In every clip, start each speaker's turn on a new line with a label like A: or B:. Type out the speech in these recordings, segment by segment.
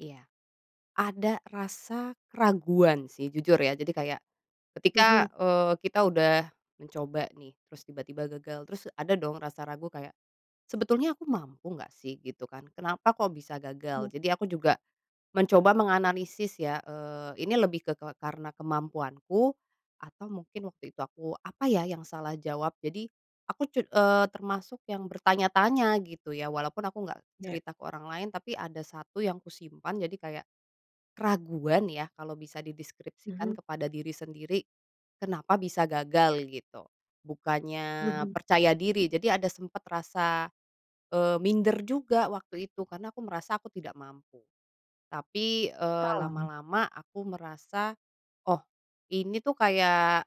A: Iya. Ada rasa keraguan sih, jujur, ya. Jadi, kayak ketika,
B: Mhm.
A: eee, kita udah mencoba nih, terus tiba-tiba gagal, terus ada dong rasa ragu kayak "Sebetulnya aku mampu nggak sih?" Gitu, kan. "Kenapa kok bisa gagal?"
B: Mmm.
A: Jadi aku juga mencoba menganalisis ya, eee, ini lebih ke ke karena kemampuanku, atau mungkin waktu itu aku apa ya, yang salah jawab? Jadi, aku, cut eee, termasuk yang bertanya-tanya, gitu, ya. Walaupun aku nggak
B: Iya.
A: cerita ke orang lain, tapi ada satu yang kusimpan. Jadi, kayak keraguan ya, kalau bisa dideskripsikan
B: Mhm.
A: kepada diri sendiri, kenapa bisa gagal, gitu, bukannya
B: Mhm.
A: percaya diri. Jadi, ada sempet rasa, eee, minder juga waktu itu. Karena aku merasa aku tidak mampu. Tapi, eee,
B: Oh.
A: lama-lama aku merasa "Oh, ini tuh kayak,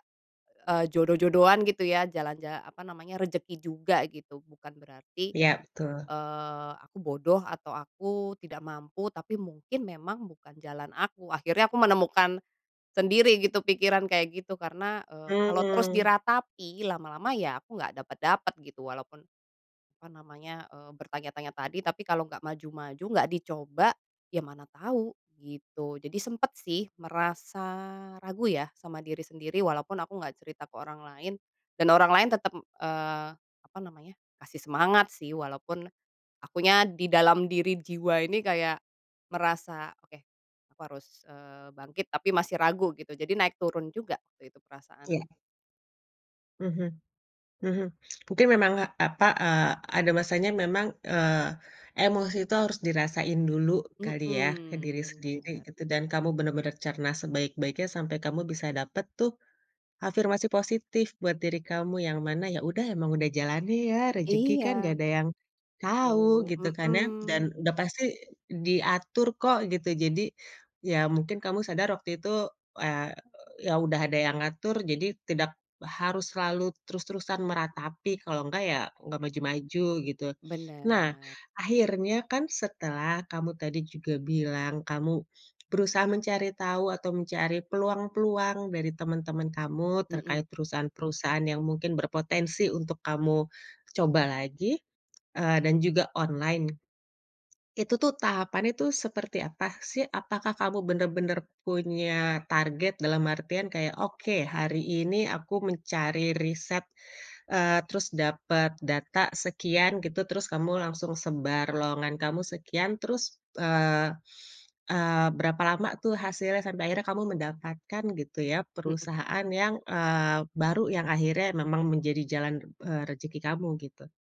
A: eee, jodoh-jodohan." Gitu ya, jalan ja apa namanya, rezeki juga, gitu. Bukan berarti,
B: Iya, betul.
A: eee, aku bodoh, atau aku tidak mampu, tapi mungkin memang bukan jalan aku. Akhirnya aku menemukan sendiri gitu pikiran kayak gitu. Karena, eee, kalau terus
B: Mmm.
A: diratapi, lama-lama ya aku nggak dapet-dapet, gitu. Walaupun, apa namanya, eee, bertanya-tanya tadi, tapi, kalau nggak maju-maju, nggak dicoba, ya mana tau, gitu. Jadi, sempet sih merasa ragu, ya, sama diri sendiri, walaupun aku nggak cerita ke orang lain, dan orang lain tetep, eee, apa namanya, kasih semangat, sih, walaupun akunya di dalam diri jiwa ini kayak merasa, "Oke, aku harus, eee, bangkit." Tapi masih ragu, gitu. Jadi, naik turun juga waktu itu
B: Iya.
A: perasaannya.
B: Mhm. Mhm. Mungkin memang, apa, eee, ada masanya memang, eee, emosi itu harus dirasain dulu kali ya, ke
A: Mhm,
B: diri sendiri
A: benar.
B: gitu. Dan, kamu bener-bener cerna sebaik-baiknya sampai kamu bisa dapet tuh afirmasi positif buat diri kamu, yang mana ya udah emang udah jalannya ya, rezeki kan nggak
A: Iya.
B: ada yang tahu,
A: Perlu,
B: gitu kan ya?
A: mhm.
B: Dan udah pasti diatur kok, gitu. Jadi, ya mungkin kamu sadar waktu itu, eee, ya udah ada yang ngatur, jadi tidak harus selalu terus-terusan meratapi, kalau nggak ya nggak maju-maju, gitu. Nah,
A: Benar.
B: akhirnya kan setelah kamu tadi juga bilang, kamu berusaha mencari tahu, atau mencari peluang-peluang dari temen-temen kamu
A: Mhm.
B: terkait perusahaan-perusahaan yang mungkin berpotensi untuk kamu coba lagi eee, dan juga online, itu tuh tahapannya tuh seperti apa, sih? Apakah kamu bener-bener punya target dalam artian kayak, "Oke, hari ini aku mencari riset, eee, terus dapet data sekian" gitu. Terus kamu langsung sebar lowongan kamu sekian, terus, eee, eee, berapa lama tuh hasilnya sampai akhirnya kamu mendapatkan, gitu ya,
A: Mhm.
B: perusahaan yang, eee, baru yang akhirnya memang menjadi jalan, eee, rezeki kamu, gitu?